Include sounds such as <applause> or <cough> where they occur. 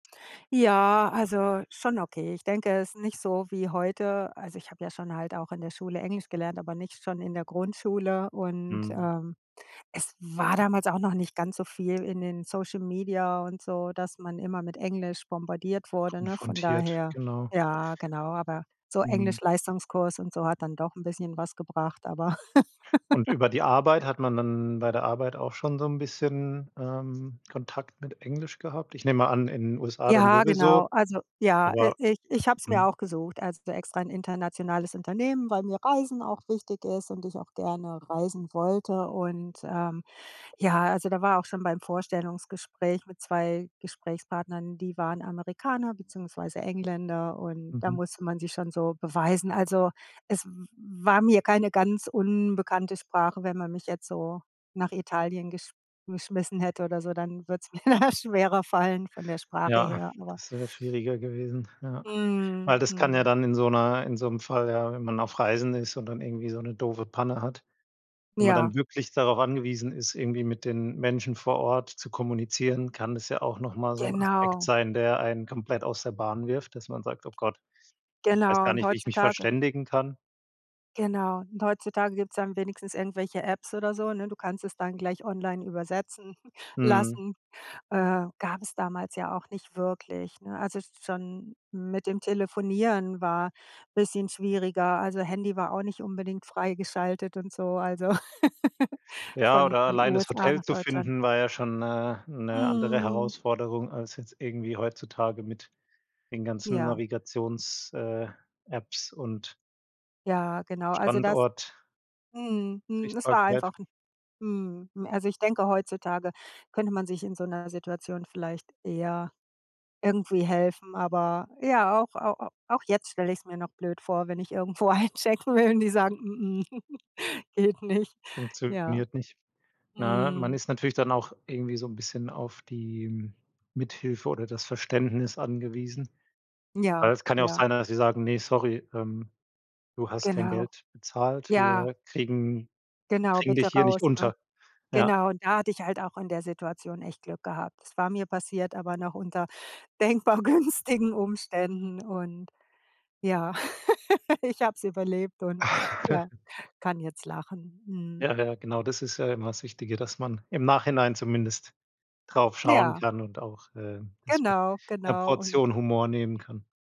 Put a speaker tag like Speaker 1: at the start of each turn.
Speaker 1: Ja, also, schon okay. Ich denke, es ist nicht so wie heute. Also, ich habe ja schon halt auch in der Schule Englisch gelernt, aber nicht schon in der Grundschule. Und,
Speaker 2: Mhm.
Speaker 1: ähm, es war damals auch noch nicht ganz so viel in den Social Media und so, dass man immer mit Englisch bombardiert wurde, ne, von
Speaker 2: Konfrontiert,
Speaker 1: daher.
Speaker 2: genau.
Speaker 1: Ja, genau, aber so
Speaker 2: Mhm.
Speaker 1: Englisch-Leistungskurs und so hat dann doch 'n bisschen was gebracht, aber
Speaker 2: Und über die Arbeit
Speaker 1: <laughs>
Speaker 2: hat man dann bei der Arbeit auch schon so 'n bisschen, ähm, Kontakt mit Englisch gehabt? Ich nehme an, in den USA dann
Speaker 1: Ja,
Speaker 2: sowieso.
Speaker 1: genau. Also, ja, äh,
Speaker 2: Aber
Speaker 1: i ich habe es mir
Speaker 2: mhm.
Speaker 1: auch gesucht. Also extra 'n internationales Unternehmen, weil mir Reisen auch wichtig ist und ich auch gerne reisen wollte. Und, ähm, ja, also da war auch schon beim Vorstellungsgespräch mit 2 Gesprächspartnern die waren Amerikaner, beziehungsweise Engländer und da
Speaker 2: Mhm.
Speaker 1: musste man sich schon so beweisen. Also, es w war mir keine ganz unbekannte Sprache. Wenn man mich jetzt so nach Italien gesch geschmissen hätte oder so, dann würde es mir da schwerer fallen, von der Sprache
Speaker 2: Ja,
Speaker 1: her, aber
Speaker 2: das wäre schwieriger gewesen, ja. Weil,
Speaker 1: Mhm,
Speaker 2: das kann ja
Speaker 1: mhm.
Speaker 2: dann in so 'ner in so 'nem Fall, ja, wenn man auf Reisen ist und dann irgendwie so 'ne doofe Panne hat, wo man
Speaker 1: Ja.
Speaker 2: dann wirklich darauf angewiesen ist, irgendwie mit den Menschen vor Ort zu kommunizieren, kann das ja auch noch mal so 'n Aspekt
Speaker 1: Genau.
Speaker 2: sein, der einen komplett aus der Bahn wirft, dass man sagt: „Oh Gott, ich weiß
Speaker 1: Genau.
Speaker 2: gar
Speaker 1: Und
Speaker 2: nicht, wie ich mich
Speaker 1: heutzutage
Speaker 2: verständigen kann.“
Speaker 1: genau, und heutzutage gibt's dann wenigstens irgendwelche Apps oder so, ne? Du kannst es dann gleich online übersetzen <chuckles>
Speaker 2: Mhm.
Speaker 1: lassen. Äh, gab es damals ja auch nicht wirklich, ne? Also schon mit dem Telefonieren war bisschen schwieriger. Also, Handy war auch nicht unbedingt freigeschaltet und so, also, <laughs>
Speaker 2: Ja,
Speaker 1: von
Speaker 2: oder
Speaker 1: von
Speaker 2: allein das
Speaker 1: USA
Speaker 2: Hotel
Speaker 1: nach
Speaker 2: zu
Speaker 1: Deutschland.
Speaker 2: finden, war ja schon 'ne 'ne andere
Speaker 1: Mhm.
Speaker 2: Herausforderung als jetzt irgendwie heutzutage mit den ganzen
Speaker 1: Ja.
Speaker 2: Navigations äh, Apps und
Speaker 1: Ja, genau. Also das
Speaker 2: Standort
Speaker 1: Mhm, mhm. Das war
Speaker 2: sichtbarkeit.
Speaker 1: einfach 'n mhm. Also, ich denke, heutzutage könnte man sich in so 'ner Situation vielleicht eher irgendwie helfen. Aber ja, auch au auch jetzt stell ich's mir noch blöd vor, wenn ich irgendwo einchecken will und die sagen: <chuckles> „geht nicht.“ Ja.
Speaker 2: Funktioniert nicht. Ne, man
Speaker 1: Mhm.
Speaker 2: ist natürlich dann auch irgendwie so 'n bisschen auf die Mithilfe oder das Verständnis angewiesen. Weil
Speaker 1: Ja,
Speaker 2: es kann ja auch
Speaker 1: ja.
Speaker 2: sein, dass sie sagen: „Ne, sorry, ähm, du hast kein
Speaker 1: Genau.
Speaker 2: Geld bezahlt,
Speaker 1: Ja.
Speaker 2: wir kriegen
Speaker 1: Genau,
Speaker 2: kriegen
Speaker 1: „bitte
Speaker 2: dich hier nicht
Speaker 1: raus“, ne?
Speaker 2: unter.“ Ja.
Speaker 1: Genau, da hatte ich halt auch in der Situation echt Glück gehabt. Es war mir passiert, aber noch unter denkbar günstigen Umständen. Und, ja, <laughs> ich habe es überlebt und ja,
Speaker 2: <chuckles>
Speaker 1: kann jetzt lachen. Mhm.
Speaker 2: Ja, ja, genau. Das ist ja immer das Wichtige, dass man im Nachhinein zumindest drauf schauen
Speaker 1: Ja.
Speaker 2: kann und auch, äh, das mit
Speaker 1: Genau,
Speaker 2: 'ner
Speaker 1: genau. Und
Speaker 2: Portion Humor nehmen kann.